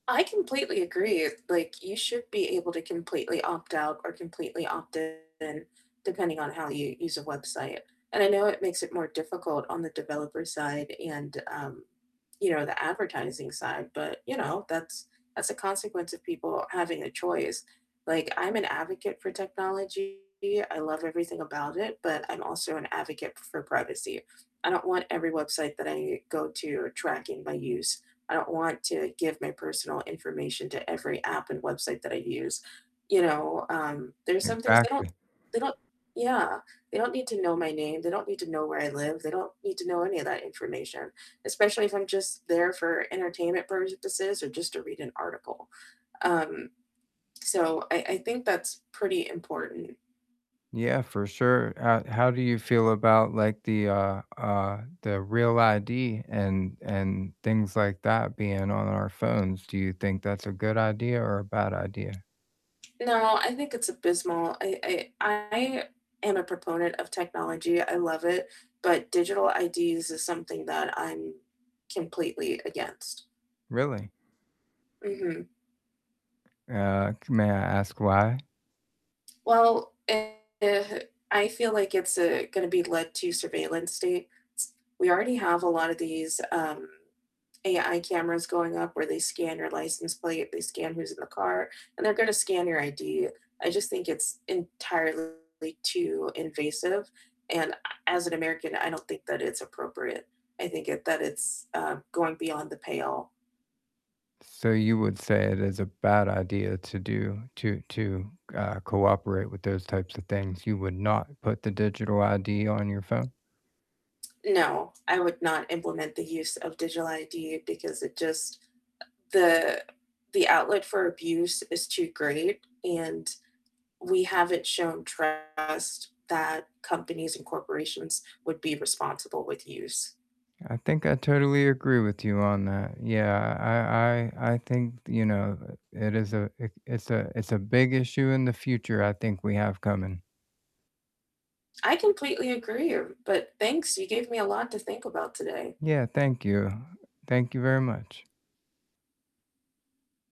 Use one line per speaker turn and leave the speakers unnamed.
I completely agree, like, you should be able to completely opt out or completely opt in, depending on how you use a website. And I know it makes it more difficult on the developer side and, um, you know, the advertising side, but, you know, that's that's a consequence of people having a choice. Like, I'm an advocate for technology, I love everything about it, but I'm also an advocate for privacy. I don't want every website that I u go to tracking my use. I don't want to give my personal information to every app and website that I use. You know, um, there's some things they don't
Exactly.
they don't Yeah. They don't need to know my name; they don't need to know where I live; they don't need to know any of that information, especially if I'm just there for entertainment purposes or just to read an article, um, so I I think that's pretty important.
Yeah, for sure, uh, how do you feel about, like, the, uh uh the REAL ID and and things like that being on our phones, do you think that's a good idea or a bad idea?
No, I think it's abysmal, I I I am a proponent of technology, I love it, but digital IDs is something that I'm completely against.
Really?
Mhm.
Uh, c may I ask why?
Well, a uh, I feel like it's, uh, gonna be led to surveillance states. We already have a lot of these, um, AI cameras going up where they scan your license plate, they scan who's in the car, and they're gonna scan your ID. I just think it's entirely too invasive, and a as an American, I don't think that it's appropriate, I think it that it's, uh, going beyond the pale.
So you would say it is a bad idea to do to to, uh, cooperate with those types of things. You would not put the digital ID on your phone?
No, I would not implement the use of digital ID, because it just uh, the the outlet for abuse is too great, and we haven't shown trust that companies and corporations would be responsible with use.
I think I totally agree with you on that, yeah, I I I think th you know, it is a i it's a it's a big issue in the future I think we have coming.
I completely agree r but thanks, you gave me a lot to think about today.
Yeah, thank you. Thank you very much.